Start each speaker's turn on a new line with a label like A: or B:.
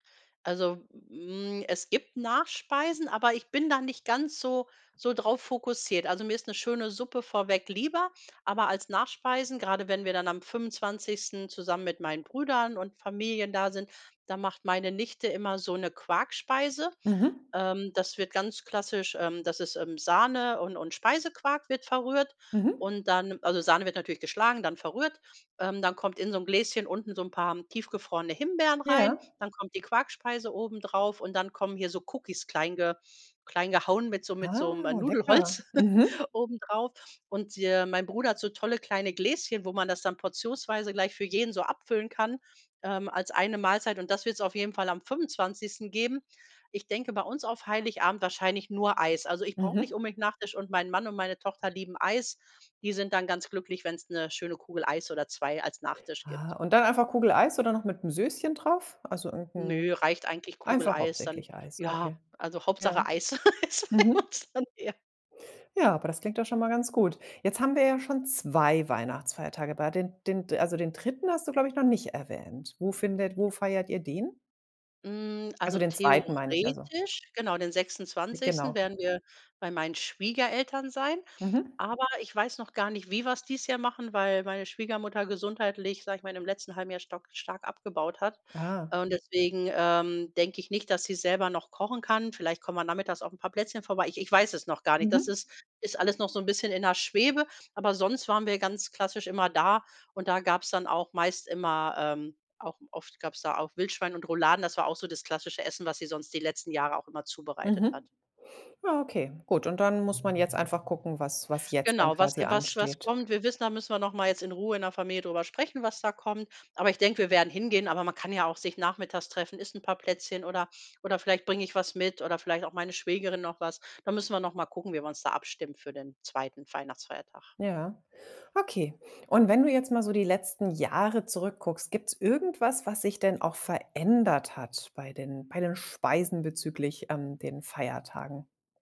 A: Also, hm, es gibt Nachspeisen, aber ich bin da nicht ganz so so drauf fokussiert. Also, mir ist 'ne schöne Suppe vorweg lieber, aber als Nachspeisen, gerade wenn wir dann am 25. zusammen mit meinen Brüdern und Familien da sind, da macht meine Nichte immer so 'ne Quarkspeise.
B: Mhm.
A: Ähm, das wird ganz klassisch ähm, das ist, ähm, Sahne und und Speisequark wird verrührt
B: Mhm.
A: und dann also, Sahne wird natürlich geschlagen, dann verrührt. Ähm, dann kommt in so 'n Gläschen unten so 'n paar tiefgefrorene Himbeeren rein,
B: Ja.
A: dann kommt die Quarkspeise obendrauf und dann kommen hier so Cookies klein ge klein gehauen mit so mit so 'nem
B: Ah, lecker.
A: Nudelholz
B: Mhm.
A: obendrauf. Und, äh, mein Bruder hat so tolle kleine Gläschen, wo man das dann portionsweise gleich für jeden so abfüllen kann, ähm, als eine Mahlzeit. Und das wird's auf jeden Fall am 25. geben. Ich denke, bei uns auf Heiligabend wahrscheinlich nur Eis. Also, ich brauche
B: Mhm.
A: nicht unbedingt Nachtisch und mein Mann und meine Tochter lieben Eis. Die sind dann ganz glücklich, wenn's 'ne schöne Kugel Eis oder 2 als Nachtisch gibt.
B: Ah. Und dann einfach Kugel Eis oder noch mit 'm Sößchen drauf? Also, irgend
A: Nö,
B: 'n
A: reicht eigentlich Kugel
B: einfach
A: Eis dann
B: hauptsächlich Eis,
A: ja,
B: okay.
A: also,
B: Ja.
A: Hauptsache Eis
B: Mhm.
A: [unintelligible] dann eher.
B: Ja, aber das klingt doch schon mal ganz gut. Jetzt haben wir ja schon 2 Weihnachtsfeiertage bei den den also, den 3. hast du, glaube ich, noch nicht erwähnt. Wo findet wo feiert ihr den?
A: Hm.
B: Also,
A: Also,
B: den 2., meine ich, also
A: theoretisch genau, den
B: Ah,
A: 26.
B: genau.
A: werden wir bei meinen Schwiegereltern sein.
B: Mhm.
A: Aber ich weiß noch gar nicht, wie wir es dieses Jahr machen, weil meine Schwiegermutter gesundheitlich, sage ich mal, im letzten halben Jahr stark stark abgebaut hat.
B: Ah.
A: Äh, und deswegen, ähm, denke ich nicht, dass sie selber noch kochen kann. Vielleicht kommen wir nachmittags auf 'n paar Plätzchen vorbei. Ich ich weiß es noch gar nicht. Das
B: Mhm.
A: ist ist alles noch so 'n bisschen in der Schwebe, aber sonst waren wir ganz klassisch immer da und da gab es dann auch meist immer, ähm auch oft gab es da auch Wildschwein und Rouladen. Das war auch so das klassische Essen, was sie sonst die letzten Jahre auch immer zubereitet hat.
B: Mhm. Ja, okay, gut. Und dann muss man jetzt einfach gucken, was was jetzt dann
A: Genau, was
B: quasi
A: was was
B: ansteht.
A: kommt. Wir wissen, da müssen wir noch mal jetzt in Ruhe in der Familie drüber sprechen, was da kommt. Aber ich denke, wir werden hingehen, aber man kann ja auch sich nachmittags treffen, isst ein paar Plätzchen oder oder vielleicht bringe ich was mit oder vielleicht auch meine Schwägerin noch was. Da müssen wir noch mal gucken, wie wir uns da abstimmt für den 2. Weihnachtsfeiertag.
B: Ja, okay. Und wenn du jetzt mal so die letzten Jahre zurückguckst, gibt's irgendwas, was sich denn auch verändert hat bei den bei den Speisen bezüglich an den Feiertagen?